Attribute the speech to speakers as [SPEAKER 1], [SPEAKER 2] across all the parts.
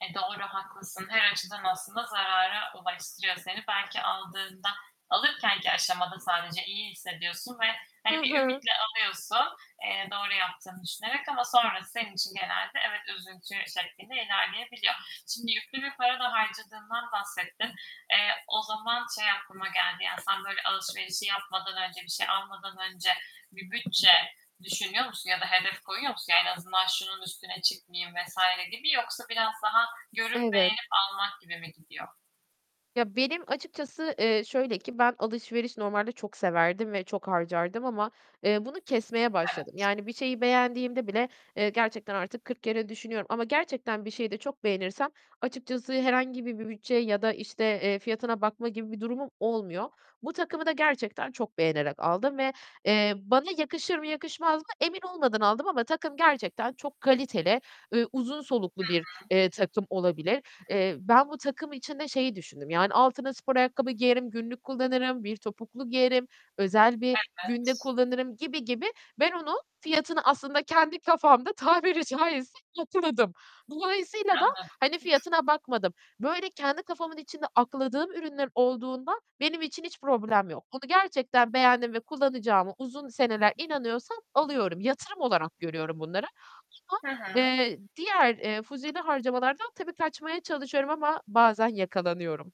[SPEAKER 1] E doğru, haklısın. Her açıdan aslında zarara ulaştırıyor seni. Belki aldığında, alırkenki aşamada sadece iyi hissediyorsun ve
[SPEAKER 2] Hı
[SPEAKER 1] hani, bir
[SPEAKER 2] hı.
[SPEAKER 1] ümitle alıyorsun, eee, doğru yaptığını düşünerek. Ama sonrası senin için genelde, evet, üzüntü şeklinde ilerleyebiliyor. Şimdi yüklü bir para da harcadığından bahsettin. Eee, o zaman şey aklıma geldi, yani, sen, böyle, alışverişi yapmadan önce, bir şey almadan önce bir bütçe düşünüyor musun? Ya da hedef koyuyor musun? En azından şunun üstüne çıkmayayım vs. gibi, yoksa biraz daha görüp
[SPEAKER 2] Evet.
[SPEAKER 1] beğenip almak gibi mi gidiyor?
[SPEAKER 2] Ya, benim açıkçası, eee, şöyle ki ben alışveriş normalde çok severdim ve çok harcardım ama eee, bunu kesmeye başladım.
[SPEAKER 1] Evet.
[SPEAKER 2] Yani bir şeyi beğendiğimde bile, eee, gerçekten artık kırk kere düşünüyorum ama gerçekten bir şeyi de çok beğenirsem, açıkçası herhangi bir bir bütçe ya da işte, eee, fiyatına bakma gibi bir durumum olmuyor. Bu takımı da gerçekten çok beğenerek aldım ve, eee, bana yakışır mı, yakışmaz mı emin olmadan aldım ama takım gerçekten çok kaliteli, eee, uzun soluklu
[SPEAKER 1] Hı
[SPEAKER 2] bir,
[SPEAKER 1] hı.
[SPEAKER 2] eee, takım olabilir. Eee, ben bu takım için de şeyi düşündüm; yani altına spor ayakkabı giyerim, günlük kullanırım, bir topuklu giyerim, özel bir günde
[SPEAKER 1] Evet.
[SPEAKER 2] kullanırım gibi gibi. Ben onu, fiyatını aslında kendi kafamda tabiri caizse, yatırdım. Dolayısıyla da, hani,
[SPEAKER 1] Anladım.
[SPEAKER 2] fiyatına bakmadım. Böyle kendi kafamın içinde akladığım ürünlerim olduğunda benim için hiç problem yok. Bunu gerçekten beğendim ve kullanacağıma uzun seneler inanıyorsam, alıyorum. Yatırım olarak görüyorum bunları, [unintelligible]
[SPEAKER 1] Hı hı.
[SPEAKER 2] eee, diğer, eee, fuzuli harcamalardan tabii kaçmaya çalışıyorum ama bazen yakalanıyorum.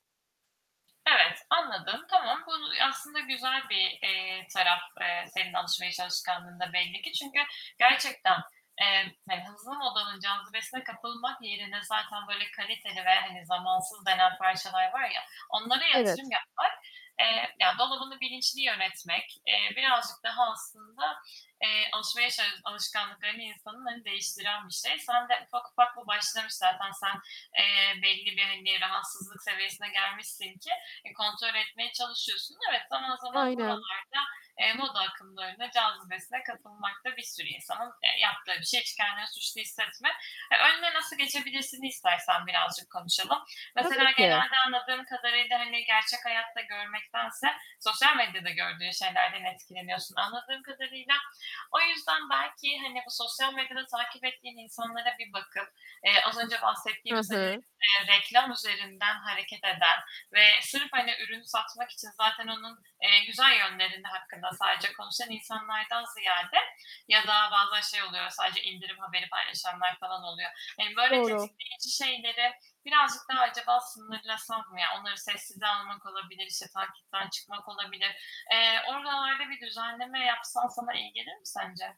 [SPEAKER 1] Evet, anladım, tamam bunu, aslında güzel bir, eee, taraf, eee, senin alışveriş alışkanlığında belli ki. Çünkü gerçekten, eee, hani, hızlı modanın cazibesine kapılmak yerine zaten böyle kaliteli ve hani, zamansız denen parçalar var ya, onlara yatırım
[SPEAKER 2] Evet.
[SPEAKER 1] yapmak, eee, ya dolabını bilinçli yönetmek, eee, birazcık daha aslında, eee, alışmaya çalış alışkanlıklarını insanın, hani, değiştiren bir şey. Sende ufak ufak bu başlamış zaten, sen, eee, belli bir, hani, rahatsızlık seviyesine gelmişsin ki kontrol etmeye çalışıyorsun. Evet, zaman zaman
[SPEAKER 2] Aynen.
[SPEAKER 1] buralarda, eee, moda akımlarına, cazibesine kapılmak da bir sürü insanın, eee, yaptığı bir şey. Hiç kendini suçlu hissetme. Eee, "Önüne nasıl geçebilirsin?"i istersen birazcık konuşalım.
[SPEAKER 2] Tabii
[SPEAKER 1] Mesela
[SPEAKER 2] ki.
[SPEAKER 1] genelde anladığım kadarıyla, hani, gerçek hayatta görmektense sosyal medyada gördüğün şeylerden etkileniyorsun anladığım kadarıyla. O yüzden belki, hani, bu sosyal medyada takip ettiğin insanlara bir bakıp, eee, az önce
[SPEAKER 2] Hı
[SPEAKER 1] bahsettiğimiz, hani,
[SPEAKER 2] hı.
[SPEAKER 1] eee, reklam üzerinden hareket eden ve sırf, hani, ürün satmak için zaten onun, eee, güzel yönlerinin hakkında, sadece konuşan insanlardan ziyade ya da bazen şey oluyor, sadece indirim haberi paylaşanlar falan oluyor. Eee, böyle
[SPEAKER 2] Doğru.
[SPEAKER 1] tetikleyici şeyleri birazcık daha acaba sınırlasan mı ya? Onları sessize almak olabilir, işte takipten çıkmak olabilir. Eee, oralarda bir düzenleme yapsan sana iyi gelir mi sence?